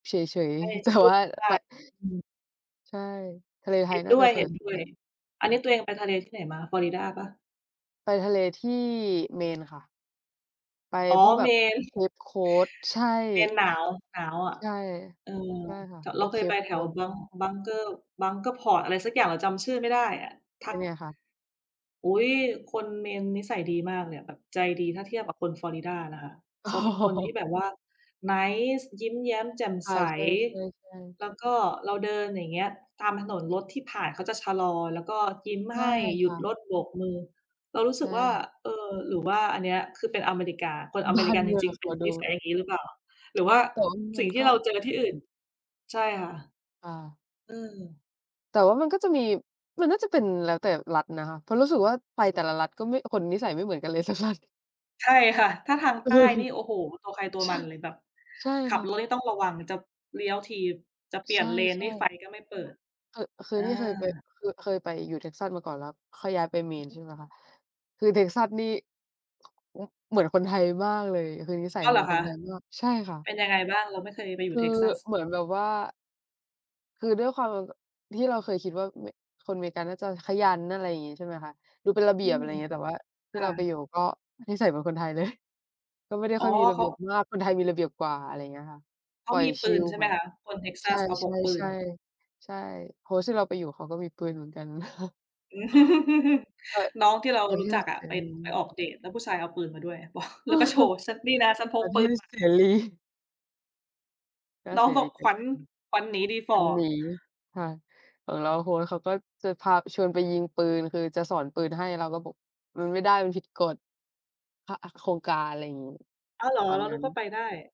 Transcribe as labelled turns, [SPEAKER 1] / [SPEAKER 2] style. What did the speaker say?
[SPEAKER 1] เฉย
[SPEAKER 2] ไม่ได้
[SPEAKER 1] ๆ แต่
[SPEAKER 2] สู
[SPEAKER 1] ว
[SPEAKER 2] ้
[SPEAKER 1] ่า
[SPEAKER 2] ก
[SPEAKER 1] ไป
[SPEAKER 2] ัน อืม
[SPEAKER 1] ใช่ ทะเลไ
[SPEAKER 2] เ
[SPEAKER 1] ท
[SPEAKER 2] ห็
[SPEAKER 1] ย
[SPEAKER 2] น
[SPEAKER 1] น่
[SPEAKER 2] ด
[SPEAKER 1] า
[SPEAKER 2] ้ว
[SPEAKER 1] จะ
[SPEAKER 2] ย
[SPEAKER 1] สวยสุดแล้ว
[SPEAKER 2] ๆ อันนี้ตัวเองไปทะเล ที่ไหนมา Florida เปล่า?
[SPEAKER 1] ไปทะเลที่ Maine ค่ะ ไป
[SPEAKER 2] อ๋อ
[SPEAKER 1] พวกแบบ
[SPEAKER 2] Maine
[SPEAKER 1] Cape Cod ใช่
[SPEAKER 2] Maine หนาว หนาวอะ
[SPEAKER 1] ใช่
[SPEAKER 2] เออ
[SPEAKER 1] ใช่ค่ะ
[SPEAKER 2] ถ
[SPEAKER 1] พ
[SPEAKER 2] เร
[SPEAKER 1] ว
[SPEAKER 2] า
[SPEAKER 1] ก
[SPEAKER 2] เคยไป
[SPEAKER 1] Cape
[SPEAKER 2] แถว
[SPEAKER 1] Cod พวก
[SPEAKER 2] Bunk
[SPEAKER 1] นี้
[SPEAKER 2] Bunker Bunker Port อะไรสักอย่าง เราจำชื่อไม่ได้อะ ท
[SPEAKER 1] เ
[SPEAKER 2] ั
[SPEAKER 1] ป็
[SPEAKER 2] ก
[SPEAKER 1] นไงคะ?
[SPEAKER 2] อุ๊ย! คน Maine นิสัยดีมากเลยอะ แบบใจดี ถ้าเทียบกับคน Florida นะคะ
[SPEAKER 1] อ๋
[SPEAKER 2] เขาเป็นคนที่
[SPEAKER 1] อ
[SPEAKER 2] แบบว่า nice ยิ้มแย้มแจ่ม
[SPEAKER 1] ใช
[SPEAKER 2] ใ
[SPEAKER 1] ่
[SPEAKER 2] ส
[SPEAKER 1] ๆ ๆ ๆ
[SPEAKER 2] แล้วก็เราเดินอย่างเงี้ยตามถนน รถที่ผ่านเขาจะชะลอ แล้วก็ยิ้ม
[SPEAKER 1] ใช
[SPEAKER 2] ให
[SPEAKER 1] ่
[SPEAKER 2] ้ หย
[SPEAKER 1] ค
[SPEAKER 2] ุด
[SPEAKER 1] ่ะ
[SPEAKER 2] รถโบกมือ เรารู้
[SPEAKER 1] ใช
[SPEAKER 2] สึกว่า
[SPEAKER 1] ่
[SPEAKER 2] เออ หรือว่าอันนี้คือเป็นอเมริกา คนอ
[SPEAKER 1] บ
[SPEAKER 2] เม
[SPEAKER 1] ้า
[SPEAKER 2] ริ
[SPEAKER 1] น
[SPEAKER 2] กัน
[SPEAKER 1] เม
[SPEAKER 2] จ
[SPEAKER 1] ือง
[SPEAKER 2] ริง ๆ
[SPEAKER 1] เ
[SPEAKER 2] เ
[SPEAKER 1] ข
[SPEAKER 2] ป็
[SPEAKER 1] า
[SPEAKER 2] น
[SPEAKER 1] ด
[SPEAKER 2] น
[SPEAKER 1] ู
[SPEAKER 2] ิสัยอย่างงี้หรือเปล่า หรือว่า
[SPEAKER 1] แต่ว่าม
[SPEAKER 2] ส
[SPEAKER 1] ั
[SPEAKER 2] ิ่
[SPEAKER 1] น
[SPEAKER 2] งที
[SPEAKER 1] ก
[SPEAKER 2] ่
[SPEAKER 1] ็
[SPEAKER 2] เราเจอที่อื่น ใช่ค่ะ
[SPEAKER 1] อา
[SPEAKER 2] อืม
[SPEAKER 1] แต่ว่ามันก็จะมี มันน่าจะเป็นแล้วแต่รัฐนะคะ เพราะรู้สึกว่า ไปแต่ละรัฐก็ไม่ คนนิสัยไม่เหมือนกันเลย สักรัฐ
[SPEAKER 2] ใช่ค่ะ ถ้าทาง
[SPEAKER 1] เอ
[SPEAKER 2] ใ
[SPEAKER 1] อ
[SPEAKER 2] ต้นี่ โอ้โฮ! ตัวใครตัว
[SPEAKER 1] ใช
[SPEAKER 2] ม
[SPEAKER 1] ่
[SPEAKER 2] ันเลย แบบ
[SPEAKER 1] ใช่
[SPEAKER 2] ขั
[SPEAKER 1] ค
[SPEAKER 2] บ
[SPEAKER 1] ่ะ
[SPEAKER 2] รถนี่ต้องระวังมันจะ เลี้ยวที จะเปลี่
[SPEAKER 1] ใช
[SPEAKER 2] ยน
[SPEAKER 1] ่
[SPEAKER 2] เลน นี่ไฟ
[SPEAKER 1] ๆ
[SPEAKER 2] ก็ไม่เปิด
[SPEAKER 1] คือ คื
[SPEAKER 2] เ
[SPEAKER 1] อ
[SPEAKER 2] ออ
[SPEAKER 1] ที่เคยไป คือเคยไปอยู่ Texas มาก่อน แล้วค่อยย้ายไป
[SPEAKER 2] อือ
[SPEAKER 1] Maine
[SPEAKER 2] ฮ
[SPEAKER 1] ใช่
[SPEAKER 2] ึ
[SPEAKER 1] ไหมคะ คือ Texas นี่ แล้วเหมือนคนไทยมากเลย คือนิสัย
[SPEAKER 2] อ้าว
[SPEAKER 1] เห
[SPEAKER 2] เ
[SPEAKER 1] ม
[SPEAKER 2] หร
[SPEAKER 1] ือ
[SPEAKER 2] อ
[SPEAKER 1] นค
[SPEAKER 2] ค
[SPEAKER 1] น
[SPEAKER 2] ะ?
[SPEAKER 1] ไทยมาก ใช่ค่ะ
[SPEAKER 2] เป็นยังไงบ้าง? เราไม่เคยไปอย
[SPEAKER 1] ค
[SPEAKER 2] ู่
[SPEAKER 1] ือ
[SPEAKER 2] Texas
[SPEAKER 1] เหมือนแบบว่า คือด้วยความ ที่เราเคยคิดว่าเม คนอเมริกันน่าจะขยัน อะไรอย่างงี้ ใช่ไหมคะ ดูเป็นระเบ
[SPEAKER 2] อ
[SPEAKER 1] ี
[SPEAKER 2] ื
[SPEAKER 1] ยบ อ
[SPEAKER 2] ม
[SPEAKER 1] ะไรอย่างเงี้ย แต่ว่าที
[SPEAKER 2] ค
[SPEAKER 1] ่
[SPEAKER 2] ่
[SPEAKER 1] เราไป
[SPEAKER 2] ะ
[SPEAKER 1] อยู่ ก็นิสัยเหมือนคนไทยเลย ก็ไม่ได้
[SPEAKER 2] อ๋
[SPEAKER 1] ค
[SPEAKER 2] อ
[SPEAKER 1] ่อยมีระ
[SPEAKER 2] เ
[SPEAKER 1] เ
[SPEAKER 2] ข
[SPEAKER 1] บี
[SPEAKER 2] า
[SPEAKER 1] ยบมาก คนไทยมีระเบียบกว่า อะไรอย่างเงี้ยค่ะ
[SPEAKER 2] เข
[SPEAKER 1] ป
[SPEAKER 2] า
[SPEAKER 1] ล่อย
[SPEAKER 2] มีป
[SPEAKER 1] ชิ
[SPEAKER 2] ืน
[SPEAKER 1] ล
[SPEAKER 2] ใช่ไ
[SPEAKER 1] แบ
[SPEAKER 2] หม
[SPEAKER 1] บ
[SPEAKER 2] คะ? คน
[SPEAKER 1] ใช่
[SPEAKER 2] Texas เขาพกปืน
[SPEAKER 1] ๆ ๆ ใช่ Host ที่เราไปอยู่ เขาก็มีปืนเหมือนกัน [unintelligible]
[SPEAKER 2] น้องที่เรา
[SPEAKER 1] ประ
[SPEAKER 2] ร
[SPEAKER 1] เท
[SPEAKER 2] ู้จ
[SPEAKER 1] ศ
[SPEAKER 2] ักอ
[SPEAKER 1] เ
[SPEAKER 2] ะ
[SPEAKER 1] ส
[SPEAKER 2] ไป
[SPEAKER 1] ร
[SPEAKER 2] ไปอ
[SPEAKER 1] ี
[SPEAKER 2] อกเดต แล้วผู้ชายเอาปืนมาด้วย บอก แล้วก็โชว์นี่นะฉันพ
[SPEAKER 1] ป
[SPEAKER 2] ก
[SPEAKER 1] ระเ
[SPEAKER 2] ป
[SPEAKER 1] ท
[SPEAKER 2] ืน
[SPEAKER 1] ศ
[SPEAKER 2] ม
[SPEAKER 1] เ
[SPEAKER 2] า
[SPEAKER 1] สรี ก็
[SPEAKER 2] น้อ
[SPEAKER 1] เส
[SPEAKER 2] งบ
[SPEAKER 1] ร
[SPEAKER 2] อ
[SPEAKER 1] ี
[SPEAKER 2] กขวัญ
[SPEAKER 1] [unintelligible]
[SPEAKER 2] ขวัญหนีดีฝ
[SPEAKER 1] ม
[SPEAKER 2] ่
[SPEAKER 1] ั
[SPEAKER 2] อ
[SPEAKER 1] นหนีค่ะ ของเรา โอ้โฮ! คนเขาก็จะพาชวนไปยิงปืน คือจะสอนปืนให้ เราก็บอกมันไม่ได้ มันผิดกฎ พะ โครงการ อะไรอย่างงี้
[SPEAKER 2] อ้าว เหรอ?
[SPEAKER 1] ตอน
[SPEAKER 2] เรา
[SPEAKER 1] นั
[SPEAKER 2] น
[SPEAKER 1] ้
[SPEAKER 2] ึ
[SPEAKER 1] น
[SPEAKER 2] กว่าไปได้